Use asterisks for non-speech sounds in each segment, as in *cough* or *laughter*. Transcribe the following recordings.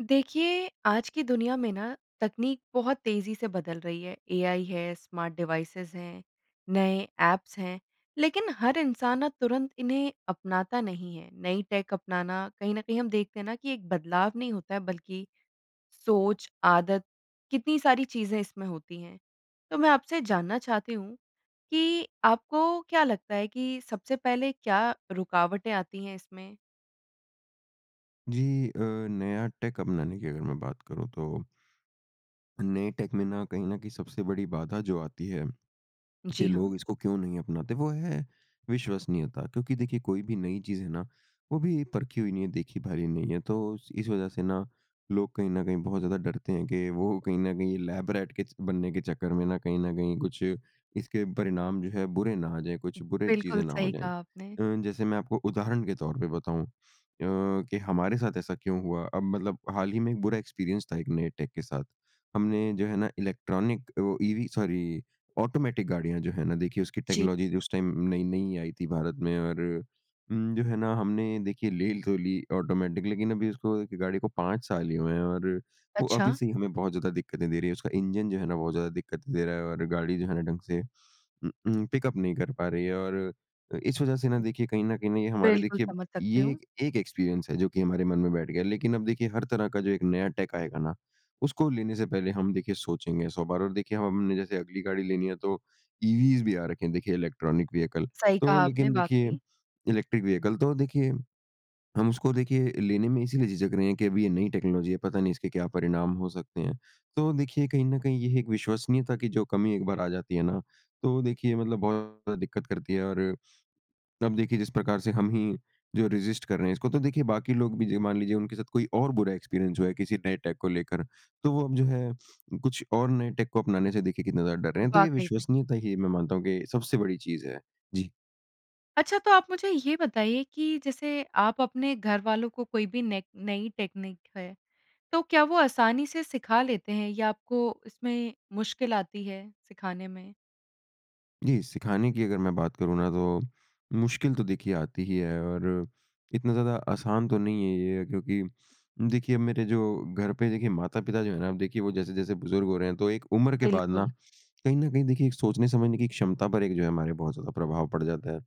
देखिए, आज की दुनिया में ना तकनीक बहुत तेज़ी से बदल रही है। एआई है, स्मार्ट डिवाइसेज़ हैं, नए ऐप्स हैं लेकिन हर इंसान ना तुरंत इन्हें अपनाता नहीं है। नई टेक अपनाना कहीं न कहीं हम देखते हैं न कि एक बदलाव नहीं होता है बल्कि सोच, आदत कितनी सारी चीज़ें इसमें होती हैं। तो मैं आपसे जानना चाहती हूँ कि आपको क्या लगता है कि सबसे पहले क्या रुकावटें आती हैं इसमें? जी। अ, नया टेक अपनाने की अगर मैं बात करूँ तो नए टेक में ना कहीं न कहीं सबसे बड़ी बाधा जो आती है कि जी हाँ। लोग इसको क्यों नहीं अपनाते, वो है विश्वसनीयता। क्योंकि देखिए कोई भी नई चीज़ है ना वो अभी परखी हुई नहीं है, देखी भाली नहीं है। तो इस वज़ह से ना लोग कहीं न कहीं बहुत ज़्यादा डरते हैं कि वो कहीं न कहीं लैब रैट के च बनने के चक्कर में ना कहीं न कहीं कुछ इसके परिणाम जो हैं बुरे ना आ जाएँ, कुछ बुरे चीज़ें बिल्कुल, ना हो सही जाएँ। कहा आपने। अ, जैसे मैं आपको उदाहरण के तौर पे बताऊँ अ, कि हमारे साथ ऐसा क्यों हुआ। अब मतलब हाल हीं में एक बुरा एक्सपीरियंस था एक नए टेक के साथ। हमने जो है ना इलेक्ट्रॉनिक वो ईवी सॉरी ऑटोमैटिक गाड़ियाँ जो है ना देखिए उसकी जी। टेक्नोलॉजी उस टाइम नई-नई आई थी भारत में और उम, जो है न हमने देखिए ले तो ली ऑटोमैटिक लेकिन अभी उसको गाड़ी को 5 साल ही हुए हैं और वो अभी अच्छा। से ही हमें बहुत ज़्यादा दिक्कतें दे रही है। उसका इंजन जो है ना बहुत ज़्यादा दिक्कत दे रहा है और गाड़ी जो है ना ढंग से उ उ पिक-अप नहीं कर पा रही है और अ, इस वज़ह से ना देखिए कहीं न कहीं हमारे बिल्कुल, देखिए समझ सकती ये हूँ। एक एक्सपीरियंस है जो कि हमारे मन में बैठ गया है। लेकिन अब देखिए हर तरह का जो एक नया टेक आएगा ना उसको लेने से पहले हम देखिए सोचेंगे 100 बार। और देखिए हमने जैसे अगली गाड़ी लेनी है तो ईवीज़ भी आ रखी हैं देखिए इलेक्ट्रॉनिक व्हीकल। सही तो कहा आपने लेकिन देखिए वाक़ई। इलेक्ट्रिक व्हीकल तो देखिए हम उसको देखिए लेने में इसीलिए झिझक रहे हैं कि अभी ये नई टेक्नोलॉजी है, पता नहीं इसके क्या परिणाम हो सकते हैं। तो देखिए कहीं न कहीं ये एक विश्वसनीयता की जो कमी एक बार आ जाती है ना तो देखिए मतलब बहुत ज़्यादा दिक्कत करती है और अब देखिए जिस प्रकार से हम ही जो है रेज़िस्ट कर रहे हैं, इसको तो देखिए बाकी लोग भी ज मान लीजिए उनके साथ कोई और बुरा एक्सपीरियंस हुआ है किसी नए टेक को लेकर तो वो अब जो है कुछ और नए टेक को अपनाने से देखिए कितने ज़्यादा डर रहे हैं। तो ये वाक़ई वही। विश्वसनीयता ही मैं मानता हूँ कि सबसे बड़ी चीज़ है जी। अच्छा तो आप मुझे ये बताइए कि जैसे आप अपने घर वालों को कोई भी नेक नई टेकनीक है, तो क्या वो आसानी से सिखा लेते हैं? या आपको इसमें मुश्किल आती है सिखाने में? जी, सिखाने की अगर मैं बात करूँ ना तो मुश्किल तो देखिए आती ही है और इतना ज़्यादा आसान तो नहीं है ये। क्योंकि देखिए, मेरे जो घर पे देखिए माता-पिता जो हैं ना अब देखिए वो जैसे-जैसे बुज़ुर्ग हो रहे हैं। तो एक उम्र के बाद ना बिल्कुल। कहीं न कहीं देखिए, एक सोचने समझने की क्षमता पर एक जो है हमारे बहुत ज़्यादा प्रभाव पड़ जाता है।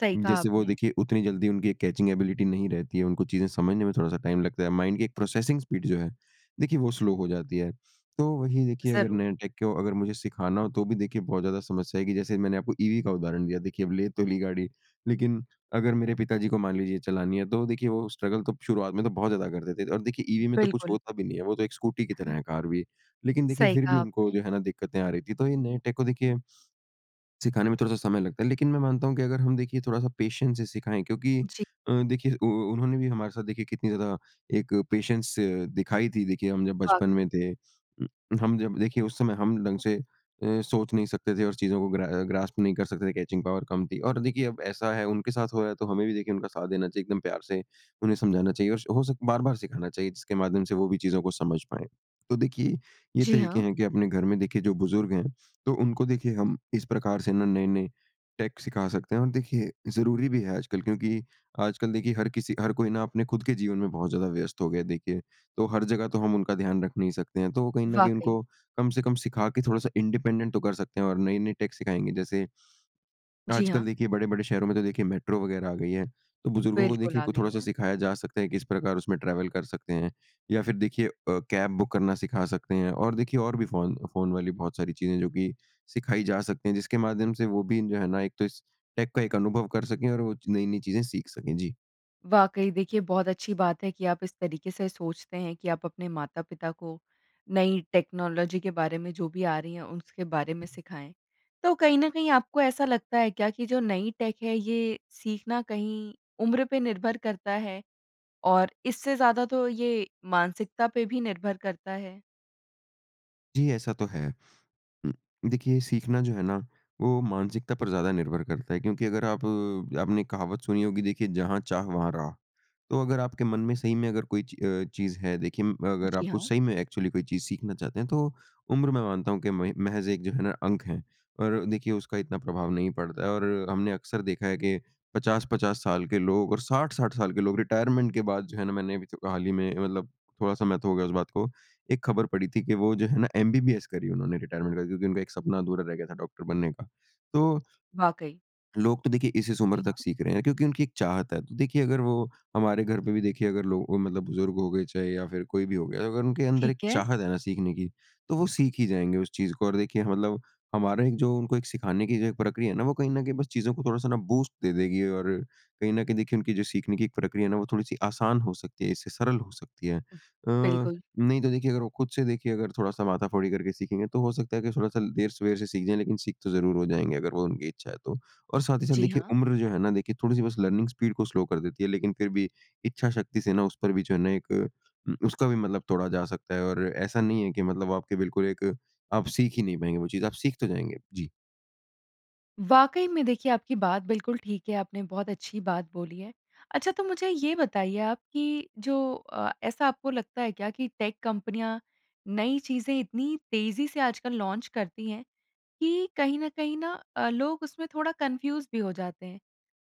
सही कहा जैसे वो आपने। देखिए, उतनी जल्दी उनकी कैचिंग एबिलिटी नहीं रहती है। उनको चीज़ें समझने में थोड़ा-सा टाइम लगता है। माइंड के एक प्रोसेसिंग स्पीड जो है देखिए वो स्लो हो जाती है। तो वही देखिए अगर ज़रूर। नया टेक को अगर मुझे सिखाना हो तो भी देखिए बहुत ज़्यादा समस्या आएगी। जैसे मैंने आपको ईवी का उदाहरण दिया। देखिए अब ले तो ली गाड़ी। लेकिन अगर मेरे पिताजी को मान लीजिए चलानी है तो देखिए वो स्ट्रगल तो शुरुआत में तो बहुत ज़्यादा करते थे। और देखिए ईवी में तो कुछ बिल्कुल। होता भी नहीं है। वो तो एक स्कूटी की तरह हाँ। है कार भी। लेकिन देखिए सही फिर भी कहा उनको आपने। जो है ना दिक्कतें आ रही थी। तो ये नए टेक को देखिए सिखाने में थोड़ा-सा समय लगता है। लेकिन मैं मानता हूँ कि अगर हम देखिए थोड़ा-सा पेशेंस से सिखाएँ क्योंकि जी। अ, देखिए उ उ उन्होंने भी हमारे साथ देखिए कितनी ज़्यादा एक पेशेंस दिखाई थी, देखिए हम जब बचपन पागल। में थे। हम जब देखिए उस समय हम ढंग से अ, सोच नहीं सकते थे और चीज़ों को ग्रा अ, ग्रास्प नहीं कर सकते थे, कैचिंग पावर कम थी। और देखिए अब ऐसा है उनके साथ हो रहा है तो हमें भी देखिए उनका साथ देना चाहिए। एकदम प्यार से उन्हें समझाना चाहिए। स और हो सके बार-बार सिखाना चाहिए जिसके माध्यम से वो भी चीज़ों को समझ पाएँ। तो देखिए ये जी तरीके हाँ। हैं कि अपने घर में देखिए जो बुज़ुर्ग हैं तो उनको देखिए हम इस प्रकार से ना नए-नए टेक सिखा सकते हैं। और देखिए ज़रूरी भी है आजकल क्योंकि आजकल देखिए हर किसी हर कोई ना अपने खुद के जीवन में बहुत ज़्यादा व्यस्त हो गया है देखिए। तो हर जगह तो हम उनका ध्यान रख नहीं सकते हैं। तो वो कहीं न कहीं वाक़ई। उनको कम से कम सिखा के थोड़ा-सा इंडिपेंडेंट तो कर सकते हैं। और नए-नए टेक सिखाएँगे। जैसे जी आजकल हाँ। देखिए बड़े-बड़े शहरों में तो देखिए मेट्रो वग़ैरह आ गई है। तो बुज़ुर्गों को बिल्कुल, देखिए आ क गयी थोड़ा-सा हैं। सिखाया जा सकता है कि किस प्रकार उसमें ट्रैवल कर सकते हैं। या फिर देखिए अ, कैब बुक करना सिखा सकते हैं। और देखिए और भी फ़ोन, फ़ोन वाली बहुत सारी चीज़ें हैं जो कि सिखाई जा सकती हैं। जिसके माध्यम से वो भी जो है ना एक तो इस टेक का एक अनुभव कर सकें और वो नई-नई चीज़ें सीख सकें। जी। वाक़ई, देखिए, बहुत अच्छी बात है कि आप इस तरीके से सोचते हैं कि आप अपने माता-पिता को नई टेक्नोलॉजी के बारे में, जो भी आ रही है, उसके बारे में सिखाएँ। तो कहीं न कहीं आपको ऐसा लगता है क्या कि जो नई टेक है, ये सीखना कहीं उम्र पे निर्भर करता है और इससे ज़्यादा तो ये मानसिकता पे भी निर्भर करता है? जी, ऐसा तो है। उम, देखिए, सीखना जो है ना, वो मानसिकता पर ज़्यादा निर्भर करता है, क्योंकि अगर आप आपने एक कहावत सुनी होगी, देखिए, जहाँ चाह, वहाँ राह। तो अगर आपके मन में, सही में अगर कोई ची अ, चीज़ है, देखिए, म अगर जी आपको हाँ। सही में एक्चुअली कोई चीज़ सीखना चाहते हैं, तो उम्र, मैं मानता हूँ कि महि महज़ एक जो है ना, अंक है और देखिए, उसका इतना प्रभाव नहीं पड़ता और हमने अक्सर देखा है कि 50-50 साल के लोग और 60-60 साल के लोग रिटायरमेंट के बाद जो है ना, मैंने अभी तो हाल ही में, मतलब थोड़ा समय तो हो गया इस बात को, एक खबर पढ़ी थी कि वो जो है ना, एमबीबीएस करी उन्होंने रिटायरमेंट के बाद, क्योंकि उनका एक सपना अधूरा रह गया था डॉक्टर बनने का। तो वाक़ई। लोग तो देखिए, इस-इस उम्र जी हाँ। तक सीख रहे हैं, क्योंकि उनकी एक चाहत है। तो देखिए, अगर वो हमारे घर पे भी, देखिए, अगर लो अ, मतलब बुज़ुर्ग हो गए, चाहे या फिर कोई भी हो गया, अगर उनके अंदर एक ठीक है। चाहत है ना सीखने की, तो वो सीख ही जाएँगे उस चीज़ को और देखिए ह मतलब हमारा एक जो उनको एक सिखाने की जो ये प्रक्रिया है ना, वो कहीं न कहीं बस चीज़ों को थोड़ा-सा ना, बूस्ट दे देगी और कहीं न कहीं देखिए, उनकी जो सीखने की प्रक्रिया है ना, वो थोड़ी-सी आसान हो सकती है, इससे सरल हो सकती है। अ, बिल्कुल। नहीं, तो देखिए, अगर वो खुद से देखिए, अगर थोड़ा-सा माथा-फोड़ी करके सीखेंगे, तो हो सकता है कि थोड़ा-सा देर-सवेर से सीख जाएँ, लेकिन सीख तो ज़रूर हो जाएँगे, अगर वो उनकी इच्छा है तो। और साथ ही साथ, जी, देखिए, हाँ। उम्र जो है ना, देखिए थोड़ी-सी बस लर्निंग स्पीड को स्लो कर देती है, लेकिन फिर भी इच्छा शक्ति से ना, उस पर भी जो है ना, एक उम, उसका भी मतलब तोड़ा जा सकता है और ऐसा नहीं है कि मतलब आपके बिल्कुल एक आप सीख ही नहीं पाएँगे वो चीज़, आप सीख तो जाएँगे। जी। वाक़ई में देखिए, आपकी बात बिल्कुल ठीक है, आपने बहुत अच्छी बात बोली है। अच्छा, तो मुझे ये बताइए आप कि जो अ, ऐसा आपको लगता है क्या कि टेक कंपनियाँ नई चीज़ें इतनी तेज़ी से आजकल लॉन्च करती हैं, कि कहीं न कहीं ना अ, लोग उसमें थोड़ा कन्फ्यूज़ भी हो जाते हैं?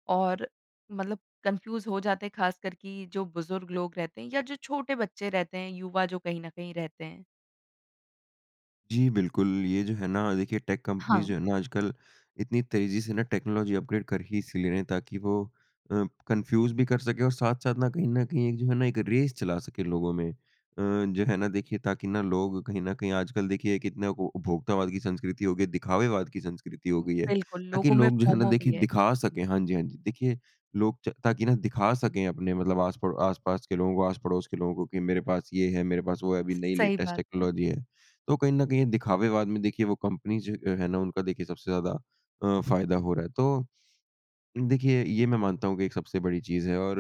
और मतलब कन्फ्यूज़ हो जाते हैं ख़ासकर कि जो बुज़ुर्ग लोग रहते हैं या जो छोटे बच्चे रहते हैं, युवा जो कहीं न कहीं रहते हैं? जी, बिल्कुल ये जो है ना देखिए टेक कंपनीज़ हाँ। जो हैं ना, आजकल इतनी तेज़ी से ना टेक्नोलॉजी अपग्रेड कर ही इसलिए रहे हैं ताकि वो अ, कन्फ्यूज़ भी कर सकें और साथ-साथ ना कहीं न कहीं एक जो है ना एक रेस चला सके लोगों में। अ, जो है ना देखिए, ताकि ना लोग कहीं न कहीं आजकल देखिए कितने को उपभोक्तावाद की संस्कृति हो गई है दिखावेवाद की संस्कृति हो गई है। बिल्कुल, ताकि लोगों में लोग जो हैं ना फ़ोमो देखिए भी है। दिखा सकें हाँ जी, हाँ जी देखिए, लोग च ताकि ना दिखा सकें अपने मतलब आस-पड़ो आस-पास के लोगों को आस-पड़ोस के लोगों को कि मेरे पास ये है, मेरे पास वो है अभी नई सही लेटेस्ट बात है। टेक्नोलॉजी है। तो कहीं न कहीं ये दिखावेवाद में देखिए वो कंपनीज़ जो अ, हैं ना उनका देखिए सबसे ज़्यादा अ, फ़ायदा हो रहा है। तो, देखिए ये मैं मानता हूँ कि एक सबसे बड़ी चीज़ है और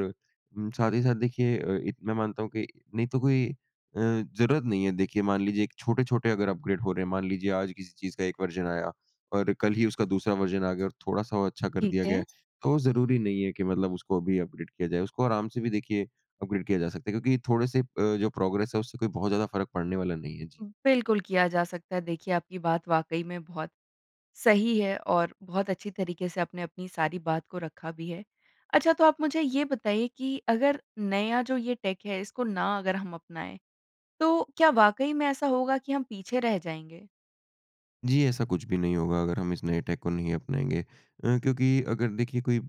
उम, साथ ही साथ देखिए अ, इ मैं मानता हूँ कि नहीं तो कोई अ, ज़रूरत नहीं है। देखिए मान लीजिए एक छोटे-छोटे अगर अपग्रेड हो रहे हैं, मान लीजिए आज किसी चीज़ का एक वर्ज़न आया और कल ही उसका दूसरा वर्ज़न आ गया और थोड़ा-सा वो अच्छा कर ठीक दिया गया है, है। तो ज़रूरी नहीं है कि मतलब उसको अभी अपग्रेड किया जाए। उसको आराम से भी देखिए अपग्रेड किया जा सकता है क्योंकि थोड़े-से अ, जो प्रोग्रेस है, उससे कोई बहुत ज़्यादा फ़र्क पड़ने वाला नहीं है। जी। बिल्कुल किया जा सकता है। देखिए, आपकी बात वाक़ई में बहुत सही है और बहुत अच्छी तरीके से आपने अपनी सारी बात को रखा भी है। अच्छा, तो आप मुझे ये बताइए कि अगर नया जो ये टेक है, इसको ना अगर हम अपनाएँ, तो क्या वाक़ई में ऐसा होगा कि हम पीछे रह जाएँगे? जी ऐसा कुछ भी नहीं होगा अगर हम इस नए टेक को नहीं अपनाएँगे। अ, क्योंकि अगर देखिए कोई अ,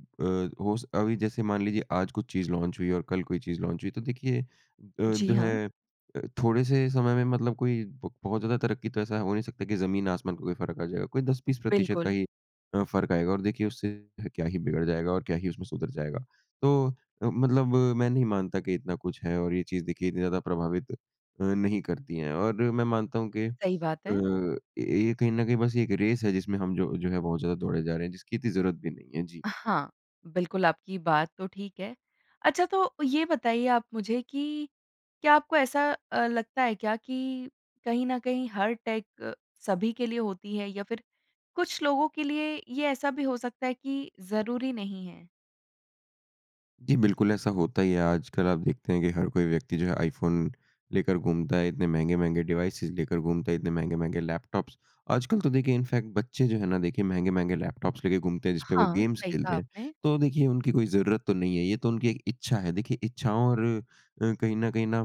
हो अभी जैसे मान लीजिए आज कुछ चीज़ लॉन्च हुई और कल कोई चीज़ लॉन्च हुई, तो देखिए अ, जी, जो हाँ। है अ, थोड़े से समय में मतलब कोई ब बहुत ज़्यादा तरक्की तो ऐसा हो नहीं सकता कि ज़मीन आसमान का कोई फ़र्क़ आ जाएगा। कोई 10-20% प्रतिशत का बिल्कुल। ही अ, फ़र्क़ आएगा और देखिए उससे क्या ही बिगड़ जाएगा और क्या ही उसमें सुधर जाएगा। तो अ, मतलब अ, मैं नहीं मानता कि इतना कुछ है और ये चीज़ देखिए इतनी ज़्यादा प्रभावित नहीं करती है और मैं मानता हूँ कि अ, सही बात है। ये कहीं न कहीं बस 1 रेस है जिसमें हम जो जो है बहुत ज़्यादा दौड़े जा रहे हैं, जिसकी इतनी ज़रूरत भी नहीं है। जी। अ, हाँ, बिल्कुल आपकी बात तो ठीक है। अच्छा तो ये बताइए आप मुझे कि क्या आपको ऐसा अ, लगता है क्या कि कहीं न कहीं हर टेक क सभी के लिए होती है या फ़िर कुछ लोगों के लिए ये ऐसा भी हो सकता है कि ज़रूरी नहीं है? जी बिल्कुल ऐसा होता ही है। आजकल आप देखते हैं कि हर कोई व्यक्ति जो है, आईफ़ोन लेकर घूमता है, इतने महँगे-महँगे डिवाइसेस लेकर घूमता है, इतने महँगे-महँगे लैपटॉप्स आजकल तो देखिए इनफैक्ट बच्चे जो हैं ना, देखिए महँगे-महँगे लैपटॉप्स लेके घूमते हैं, जिसपे वो हाँ, गेम्स सही खेलते कहा हैं। आपने। तो देखिए उनकी कोई ज़रूरत तो नहीं है। ये तो उनकी एक इच्छा है। देखिए इच्छाओं और अ अ, कहीं न कहीं ना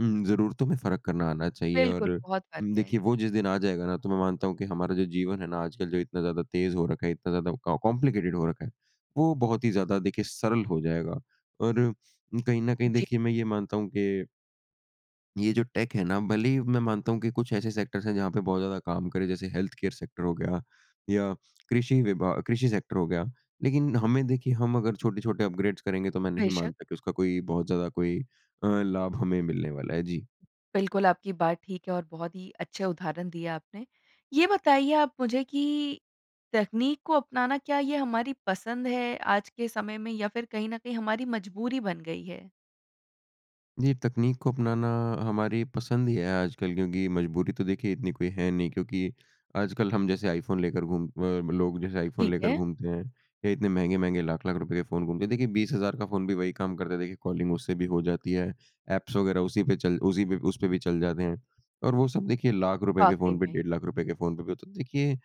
उम्, ज़रूरतों में फ़र्क़ करना आना चाहिए। और बिल्कुल, अ, बहुत फ़र्क़ है। देखिए वो जिस दिन आ जाएगा ना, तो मैं मानता हूँ कि हमारा जो जीवन है ना, आजकल जो इतना ज़्यादा तेज़ हो रखा है, इतना ज़्यादा कॉम्प्लिकेटेड हो रखा है, वो बहुत ही ज़्यादा देखिए सरल हो जाएगा। और कहीं न कहीं जी। देखिए मैं ये मानता हूँ कि ये जो टेक है ना, भले ही मैं मानता हूँ कि कुछ ऐसे सेक्टर्स हैं, जहाँ पे बहुत ज़्यादा काम करे, जैसे हेल्थ केयर सेक्टर हो गया या कृषि विभा कृषि सेक्टर हो गया। लेकिन हमें देखिए, हम अगर छोटे-छोटे अपग्रेड्स करेंगे, तो मैं नहीं बेशक। मानता कि उसका कोई बहुत ज़्यादा कोई अ, लाभ हमें मिलने वाला है। जी। बिल्कुल आपकी बात ठीक है और बहुत ही अच्छे उदाहरण दिए आपने। ये बताइए आप मुझे कि तकनीक को अपनाना क्या ये हमारी पसंद है, आज के समय में या फ़िर कहीं न कहीं हमारी मजबूरी बन गई है? जी तकनीक को अपनाना हमारी पसंद ही है आजकल, क्योंकि मजबूरी तो देखिए इतनी कोई है नहीं। क्योंकि आजकल हम जैसे आईफ़ोन लेकर घूम लोग जैसे आईफ़ोन ठीक लेकर है। घूमते हैं या इतने महँगे-महँगे लाख-लाख रुपये के फ़ोन घूमते हैं। देखिए 20 हज़ार का फ़ोन भी वही काम करता है, देखिए कॉलिंग उससे भी हो जाती है। एप्स वगैरह उसी पे चल उसी पे उस पे भी चल जाते हैं। और वो सब देखिए लाख रुपये के वाक़ई फ़ोन पे, में। डेढ़ लाख रुपए के फ़ोन पे भी होता। देखिए अ,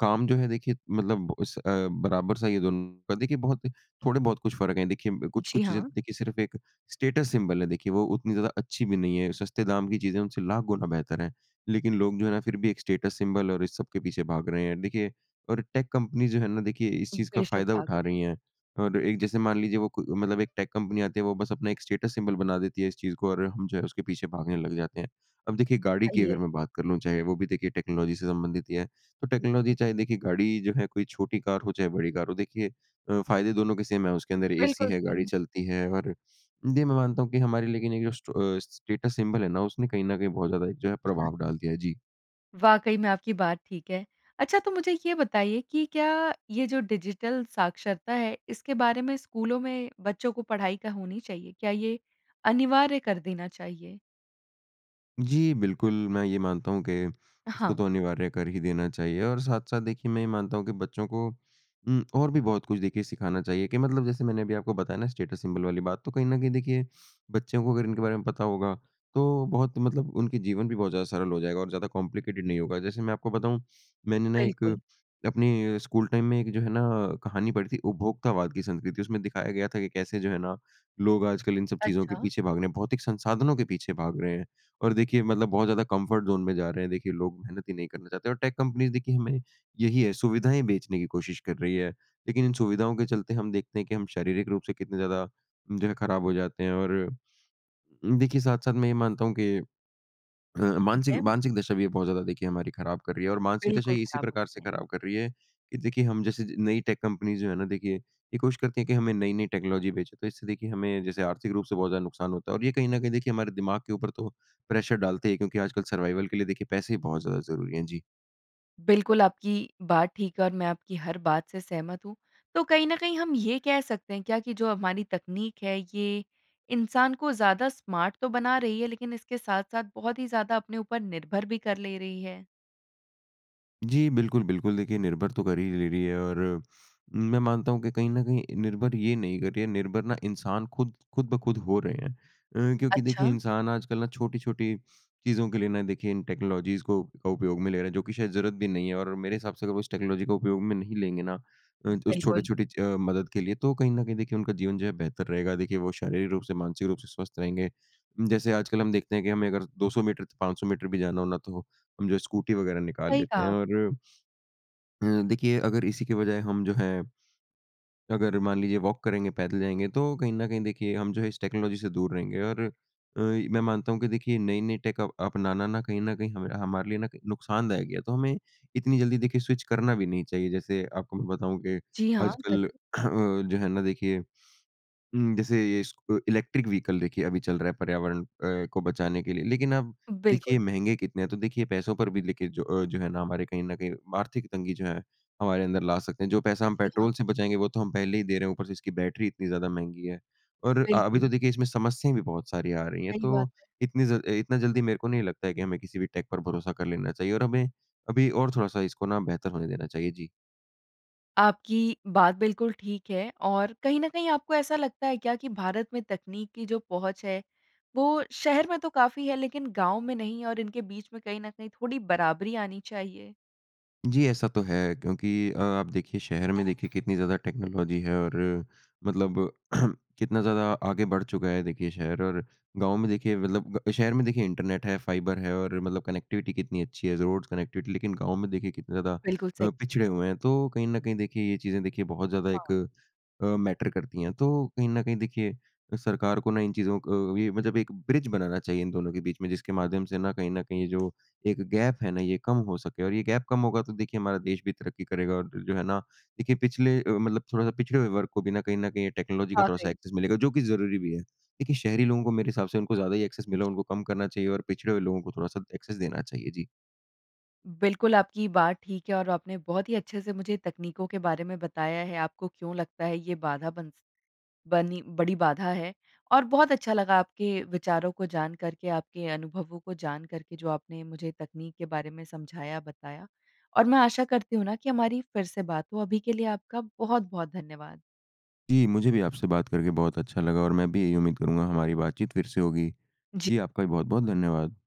काम जो है देखिए मतलब उस अ, बराबर सा ही है दोनों का देखिए बहुत थोड़े बहुत कुछ फ़र्क है। देखिए जी कुछ-कुछ चीज़ें हाँ। देखिए सिर्फ़ एक स्टेटस सिंबल है, देखिए वो उतनी ज़्यादा अच्छी भी नहीं है। सस्ते दाम की चीज़ें उनसे लाख गुना बेहतर है। लेकिन लोग जो है ना फिर भी एक स्टेटस सिंबल और इस सब के पीछे भाग रहे हैं। देखिए और टेक कंपनी जो है ना देखिए इस चीज़ का बेशक, फ़ायदा भाग उठा रहे हैं। रही है। और एक जैसे मान लीजिए वो क मतलब एक टेक कंपनी आती है वो बस अपना एक स्टेटस सिंबल बना देती है इस चीज़ को और हम जो है उसके पीछे भागने लग जाते हैं। अब देखिए गाड़ी की सही है। अगर मैं बात कर लूँ, चाहे वो भी देखिए टेक्नोलॉजी से संबंधित ही है। तो टेक्नोलॉजी चाहे देखिए गाड़ी जो है कोई छोटी कार हो चाहे बड़ी कार हो देखिए अ, फ़ायदे दोनों के सेम है। उसके अंदर एसी बिल्कुल है, गाड़ी सही। चलती है। और ये मैं मानता हूँ कि हमारे लेकिन एक जो स्ट स्टेटस सिंबल है ना उसने कहीं न कहीं बहुत ज़्यादा एक जो है हाँ। प्रभाव डाल दिया है। जी। वाक़ई में आपकी बात ठीक है। अच्छा तो मुझे ये बताइए कि क्या ये जो डिजिटल साक्षरता है, इसके बारे में स्कूलों में बच्चों को पढ़ाई क्या होनी चाहिए? क्या ये अनिवार्य कर देना चाहिए? जी, बिल्कुल। मैं ये मानता हूँ कि इसको हाँ। तो अनिवार्य कर ही देना चाहिए और साथ-साथ देखिए मैं ये मानता हूँ कि बच्चों को उम, और भी बहुत कुछ देखिए सिखाना चाहिए कि मतलब जैसे मैंने अभी आपको बताया ना स्टेटस सिंबल वाली बात तो कहीं न कहीं देखिए बच्चों को अगर इनके बारे में पता होगा तो बहुत मतलब उनके जीवन भी बहुत ज़्यादा सरल हो जाएगा और ज़्यादा कॉम्प्लिकेटेड नहीं होगा। जैसे मैं आपको बताऊँ मैंने ना एक बिल्कुल। अपने स्कूल टाइम में एक जो है ना कहानी पड़ी थी उपभोक्तावाद की संस्कृति उसमें दिखाया गया था कि कैसे जो है ना लोग आजकल इन सब चीज़ों के अच्छा। पीछे भाग रहे हैं। भौतिक संसाधनों के पीछे भाग रहे हैं और देखिए मतलब बहुत ज़्यादा कम्फ़र्ट ज़ोन में जा रहे हैं, देखिए लोग मेहनत ही नहीं करना चाहते हैं और टेक कम्पनीज़ देखिए हमें यही है सुविधाएँ बेचने की कोशिश कर रही है, लेकिन इन सुविधाओं के चलते हम देखते हैं कि हम शारीरिक रूप से कितने ज़्यादा जो है खराब हो जाते हैं। और देखिए साथ-साथ मैं ये मानता हूँ कि अ, ठीक मानसिक है। मानसिक दशा भी ये बहुत ज़्यादा देखिए हमारी खराब कर रही है और मानसिक दशा बिल्कुल, ये इसी खराब प्रकार होती से हैं। खराब कर रही है कि देखिए हम जैसे ज नई टेक कम्पनीज़ जो है ना देखिए ये कोशिश करती हैं कि हमें नई-नई टेक्नोलॉजी बेचे। तो इससे देखिए हमें जैसे आर्थिक रूप से बहुत ज़्यादा नुकसान होता है और ये कहीं न कहीं देखिए हमारे दिमाग के ऊपर तो प्रेशर डालते हैं क्योंकि आजकल सर्वाइवल के लिए देखिए पैसे ही बहुत ज़्यादा ज़रूरी हैं। जी। बिल्कुल, आपकी बात ठीक है और मैं आपकी हर बात से सहमत हूँ। तो कहीं न कहीं हम ये कह सकते हैं क्या कि जो हमारी तकनीक है, ये इंसान को ज़्यादा स्मार्ट तो बना रही है, लेकिन इसके साथ-साथ बहुत ही ज़्यादा अपने ऊपर निर्भर भी कर ले रही है? जी, बिल्कुल, बिल्कुल, देखिए, निर्भर तो कर ही ले रही है और मैं मानता हूँ कि कहीं न कहीं निर्भर ये नहीं कर रही है, निर्भर ना, इंसान खुद खुद-ब-खुद हो रहे हैं। अ, क्योंकि देखिए, अच्छा। इंसान आजकल ना छोटी-छोटी चीज़ों के लिए ना, देखिए इन टेक्नोलॉजीज़ को का उपयोग में ले रहा है, जो कि शायद ज़रूरत भी नहीं है और मेरे हिसाब से अगर वो उस टेक्नोलॉजी का उपयोग में नहीं लेंगे ना अ, उस बिल्कुल। छोटे-छोटे अ, मदद के लिए, तो कहीं न कहीं, देखिए, उनका जीवन जो है, बेहतर रहेगा। देखिए, वो शारीरिक रूप से, मानसिक रूप से स्वस्थ रहेंगे। जैसे आजकल हम देखते हैं कि हमें अगर 200 मीटर, 500 मीटर भी जाना हो ना, तो हम जो है, स्कूटी वगैरह निकाल सही लेते हैं कहा। और अ देखिए, अगर इसी के बजाय हम जो है, अगर मान लीजिए वॉक करेंगे, पैदल जाएँगे, तो कहीं न कहीं देखिए, हम जो है, इस टेक्नोलॉजी से दूर रहेंगे और अ, मैं मानता हूँ कि देखिए, नई-नई टेक अपनाना ना, कहीं न कहीं हमरा हमारे लिए ना, क नुकसानदायक है। तो हमें इतनी जल्दी, देखिए, स्विच करना भी नहीं चाहिए। जैसे आपको मैं बताऊँ कि जी हाँ, आजकल अ, ज़रूर। जो है ना, देखिए उम, जैसे ये इस अ, इलेक्ट्रिक व्हीकल, देखिए, अभी चल रहा है पर्यावरण अ, को बचाने के लिए। लेकिन आप देखिए, बिल्कुल। महँगे कितने हैं, तो देखिए, पैसों पर भी हुँ। लेके जो अ, जो है ना, हमारे कहीं न कहीं आर्थिक तंगी जो है, हमारे अंदर ला सकते हैं। जो पैसा हम जी, हाँ। पेट्रोल से बचाएँगे, वो तो हम पहले ही दे रहे हैं, ऊपर से इसकी बैटरी इतनी ज़्यादा महँगी है और अ, अभी तो बिल्कुल। देखिए, इसमें समस्याएँ भी बहुत सारी आ रही हैं, सही बात तो है। इतनी ज़ल अ, इतना जल्दी मेरे को नहीं लगता है कि हमें किसी भी टेक पर भरोसा कर लेना चाहिए और हमें अभी और थोड़ा-सा इसको ना बेहतर होने देना चाहिए। जी। आपकी बात बिल्कुल ठीक है। और कहीं न कहीं आपको ऐसा लगता है क्या कि भारत में तकनीक की जो पहुँच है, वो शहर में तो काफ़ी है लेकिन गाँव में नहीं और इनके बीच में कहीं न कहीं थोड़ी बराबरी आनी चाहिए? जी, ऐसा तो है। क्योंकि अ, आप देखिए शहर में देखिए कितनी ज़्यादा टेक्नोलॉजी है और मतलब *clears throat* कितना ज़्यादा आगे बढ़ चुका है देखिए शहर और गाँव में देखिए मतलब शहर में देखिए इंटरनेट है, फाइबर है और मतलब कनेक्टिविटी कितनी अच्छी है, रोड्स कनेक्टिविटी लेकिन गाँव में देखिए कितना ज़्यादा बिल्कुल सही। अ, पिछड़े हुए हैं तो कहीं न कहीं देखिए ये चीज़ें देखिए बहुत ज़्यादा एक हाँ। अ, मैटर करती हैं। तो कहीं न कहीं देखिए सरकार को ना इन चीज़ों को अ, मतलब एक ब्रिज बनाना चाहिए इन दोनों के बीच में जिसके माध्यम से ना कहीं न कहीं जो एक गैप है ना ये कम हो सके। और ये गैप कम होगा तो देखिए हमारा देश भी तरक्की करेगा। और जो जो है ना, देखिए पिछले अ, मतलब थोड़ा-सा पिछड़े हुए वर्ग को बिना कहीं न कहीं ये टेक्नोलॉजी का थोड़ा-सा वाक़ई। एक्सेस मिलेगा जो कि ज़रूरी भी है। देखिए शहरी लोगों को मेरे हिसाब से उनको ज़्यादा ही एक्सेस मिला है जी। उनको कम करना चाहिए और पिछड़े हुए लोगों को थोड़ा-सा एक्सेस देना चाहिए। जी। बिल्कुल, आपकी बात ठीक है और आपने बहुत ही अच्छे से मुझे तकनीकों के बारे में बताया है। आपको क्यों लगता है ये बाधा बन स बनी बड़ी बाधा है और बहुत अच्छा लगा आपके विचारों को जान करके, आपके अनुभवों को जान करके, जो आपने मुझे तकनीक के बारे में समझाया, बताया। और मैं आशा करती हूँ ना कि हमारी फ़िर से बात हो। अभी के लिए आपका बहुत-बहुत धन्यवाद। जी, मुझे भी आपसे बात करके बहुत अच्छा लगा। और मैं भी यही उम्मीद करूँगा हमारी बातचीत फ़िर से होगी। जी। जी, आपका भी बहुत-बहुत धन्यवाद।